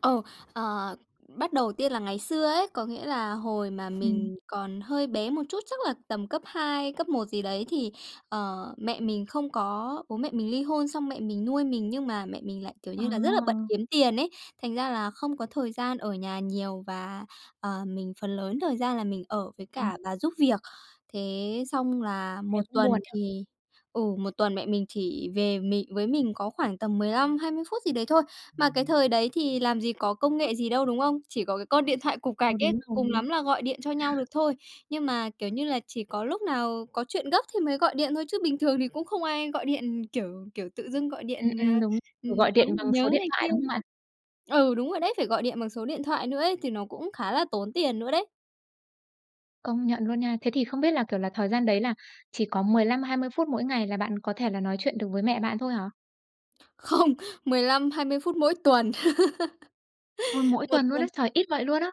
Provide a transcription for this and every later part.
Ờ. Ờ. Bắt đầu tiên là ngày xưa ấy, có nghĩa là hồi mà Ừm. mình còn hơi bé một chút, chắc là tầm cấp 2, cấp 1 gì đấy thì, ờ, mẹ mình không có bố mẹ mình ly hôn, xong mẹ mình nuôi mình, nhưng mà mẹ mình lại, kiểu À, như là, rất là bận à! kiếm tiền ấy, thành ra là không có thời gian ở nhà nhiều và, ờ, mình phần lớn thời gian là mình ở với Ừm. cả bà giúp việc. Thế xong là Thế 1 cũng tuần buồn nhỉ? thì ừ, 1 tuần mẹ mình chỉ về mị với mình có khoảng tầm 15-20 phút gì đấy thôi. Mà cái thời đấy thì làm gì có công [unintelligible] nghệ gì đâu, đúng không? Chỉ có cái con điện thoại cục Ờ, gạch ấy, đúng cùng rồi. lắm là gọi điện cho nhau được thôi, nhưng mà, kiểu như là, chỉ có lúc nào có chuyện gấp thì mới gọi điện thôi, chứ bình thường thì cũng không ai gọi điện, kiểu, kiểu, tự dưng gọi điện, Ừm, ờ, ừm, đúng. ừm, Kiểu, gọi nói điện bằng số nhớ điện này thoại, kia đúng không bạn? ừ, đúng rồi đấy, phải gọi điện bằng số điện thoại nữa ấy thì nó cũng khá là tốn tiền nữa đấy. Công nhận luôn nha. Thế thì không biết là, kiểu là, thời gian đấy là chỉ có 15-20 phút mỗi ngày là bạn có thể là nói chuyện được với mẹ bạn thôi hả? Không, 15-20 phút mỗi tuần. Ôi, mỗi Một tuần luôn á! tuần. Trời, ít vậy luôn á!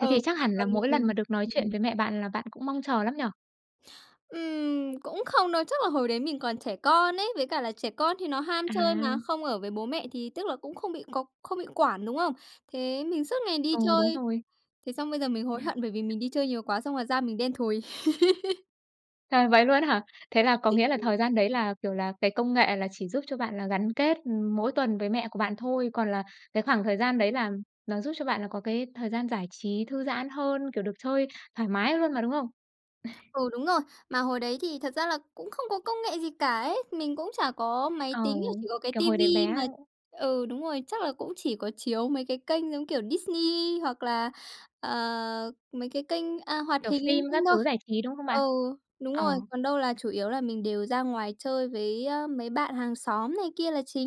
Thế thì chắc hẳn là Tuần thì mỗi lần mình mà được nói chuyện ừm. với mẹ bạn là bạn cũng mong chờ lắm nhỉ? Ừm, cũng không đâu, chắc là hồi đấy mình còn trẻ con ấy, với cả là trẻ con thì nó ham À. chơi mà, không ở với bố mẹ thì tức là cũng không bị có không bị quản, đúng không? Thế mình suốt ngày đi Ờ, đúng chơi. rồi. Thế xong bây giờ mình hối hận, bởi vì mình đi chơi nhiều quá, xong rồi da mình đen thùi. Trời, vậy luôn á hả? Thế là có nghĩa là [unintelligible] thời gian đấy là, kiểu là, cái công nghệ là chỉ giúp cho bạn là gắn kết, ừm, mỗi tuần với mẹ của bạn thôi. Còn là cái khoảng thời gian đấy là nó giúp cho bạn là có cái thời gian giải trí, thư giãn hơn, kiểu, được chơi thoải mái luôn mà, đúng không? Ừ, đúng rồi. Mà hồi đấy thì thật ra là cũng không có công nghệ gì cả ấy. Mình cũng chả có máy Ờ. tính, chỉ có cái Kiểu ti hồi đấy vi bé, mà ơ ừ, đúng rồi, chắc là cũng chỉ có chiếu mấy cái kênh giống kiểu Disney hoặc là, ờ, mấy cái kênh, a, hoạt Kiểu, hình linh phim tinh các thôi. thứ giải trí, đúng không bạn? Ừ, đúng rồi. Ờ. Còn đâu là chủ yếu là mình đều ra ngoài chơi với, ơ, mấy bạn hàng xóm này kia là chính.